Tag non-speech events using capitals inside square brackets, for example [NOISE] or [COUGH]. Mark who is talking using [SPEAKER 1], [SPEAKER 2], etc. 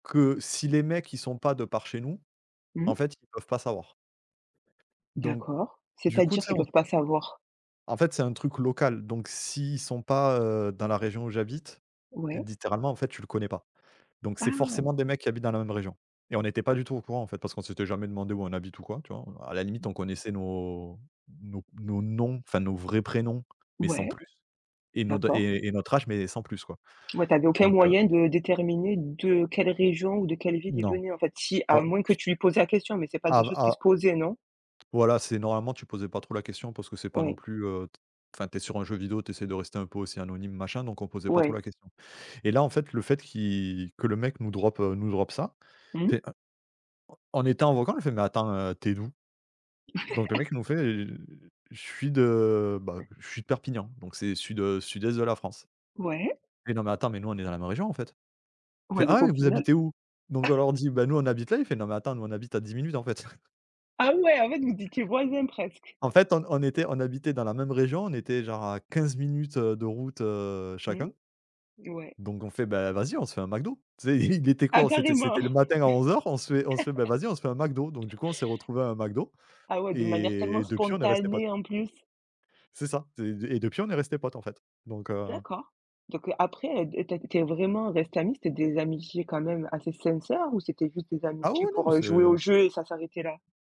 [SPEAKER 1] Que si les mecs, ils sont pas de par chez nous,
[SPEAKER 2] Mmh
[SPEAKER 1] en
[SPEAKER 2] mh?
[SPEAKER 1] fait, ils peuvent pas savoir donc,
[SPEAKER 2] D'accord,
[SPEAKER 1] du coup,
[SPEAKER 2] c'est-à-dire
[SPEAKER 1] tu sais,
[SPEAKER 2] qu'ils
[SPEAKER 1] on
[SPEAKER 2] peuvent pas savoir.
[SPEAKER 1] En fait, c'est un truc local. Donc s'ils sont pas, heu, dans la région où j'habite,
[SPEAKER 2] Ouais.
[SPEAKER 1] littéralement, en fait, tu le connais pas. Donc c'est
[SPEAKER 2] Ah!
[SPEAKER 1] forcément des mecs qui habitent dans la même région et on était pas du tout au courant, en fait, parce qu'on s'était jamais demandé où on habite ou quoi, tu vois? À la limite, on connaissait nos nos nos noms, enfin nos vrais prénoms, mais sans
[SPEAKER 2] Ouais.
[SPEAKER 1] plus et nos
[SPEAKER 2] D'accord.
[SPEAKER 1] et et notre âge, mais sans plus, quoi.
[SPEAKER 2] Ouais, tu avais aucun
[SPEAKER 1] Donc, heu
[SPEAKER 2] moyen de déterminer de quelle région ou de quelle ville il
[SPEAKER 1] Non.
[SPEAKER 2] venait, en fait, si à moins que tu lui
[SPEAKER 1] [UNINTELLIGIBLE]
[SPEAKER 2] posais la question. Mais c'est pas
[SPEAKER 1] A
[SPEAKER 2] des choses qui
[SPEAKER 1] Ah
[SPEAKER 2] se posaient, non?
[SPEAKER 1] voilà, c'est normalement, tu posais pas trop la question parce que c'est pas non
[SPEAKER 2] Oui.
[SPEAKER 1] plus, heu, t enfin, tu es sur un jeu vidéo, tu essaies de rester un peu aussi anonyme, machin, donc on posait pas trop
[SPEAKER 2] Ouais.
[SPEAKER 1] la question et là, en fait, le fait qui que le mec nous drop nous drop ça, on
[SPEAKER 2] Mmh.
[SPEAKER 1] fait, en en étant en vocal: «En fait, mais attends, heu, tu es d'où?» donc le mec
[SPEAKER 2] [LAUGHS]
[SPEAKER 1] nous fait: «Heu, je suis de bah, je suis de Perpignan», donc c'est sud, heu, sud-est de la France:
[SPEAKER 2] Ouais.
[SPEAKER 1] «Non, mais attends, mais nous, on est dans la même région, en fait». Il
[SPEAKER 2] Ouais,
[SPEAKER 1] fait:
[SPEAKER 2] donc
[SPEAKER 1] «Ah,
[SPEAKER 2] au
[SPEAKER 1] mais vous
[SPEAKER 2] final
[SPEAKER 1] habitez où»? Donc on leur
[SPEAKER 2] [COUGHS]
[SPEAKER 1] dit: «Bah nous, on habite là». Il fait: «Non, mais attends, nous, on habite à 10 minutes, en fait». [CHUCKLES]
[SPEAKER 2] ah ouais, en fait, vous étiez voisins presque.
[SPEAKER 1] En fait, on on était on habitait dans la même région. On était genre à 15 minutes, heu, de route, heu,
[SPEAKER 2] Mmh,
[SPEAKER 1] chacun.
[SPEAKER 2] ouais.
[SPEAKER 1] Donc on fait: «Bah vas-y, on se fait un McDo», tu sais? Il était quoi?
[SPEAKER 2] Ah,
[SPEAKER 1] On c'était
[SPEAKER 2] carrément!
[SPEAKER 1] c'était le matin à 11:00. On se fait on se fait: «Bah
[SPEAKER 2] [CHUCKLES]
[SPEAKER 1] vas-y, on se fait un McDo». Donc du coup, on s'est retrouvé à un McDo
[SPEAKER 2] Ah ouais, de manière
[SPEAKER 1] et
[SPEAKER 2] tellement
[SPEAKER 1] et depuis, on est resté potes.
[SPEAKER 2] spontanée en plus.
[SPEAKER 1] C'est ça. zé et depuis, on est resté potes, en fait. Donc, heu
[SPEAKER 2] D'accord. Donc, heu, après, dé tu es tu es vraiment restée ami? C'était des amitiés quand même assez sincères ou c'était juste des
[SPEAKER 1] Ah
[SPEAKER 2] amitiés
[SPEAKER 1] oui, non,
[SPEAKER 2] pour,
[SPEAKER 1] mais
[SPEAKER 2] heu,
[SPEAKER 1] c'est,
[SPEAKER 2] jouer au
[SPEAKER 1] heu
[SPEAKER 2] jeu et ça s'arrêtait là?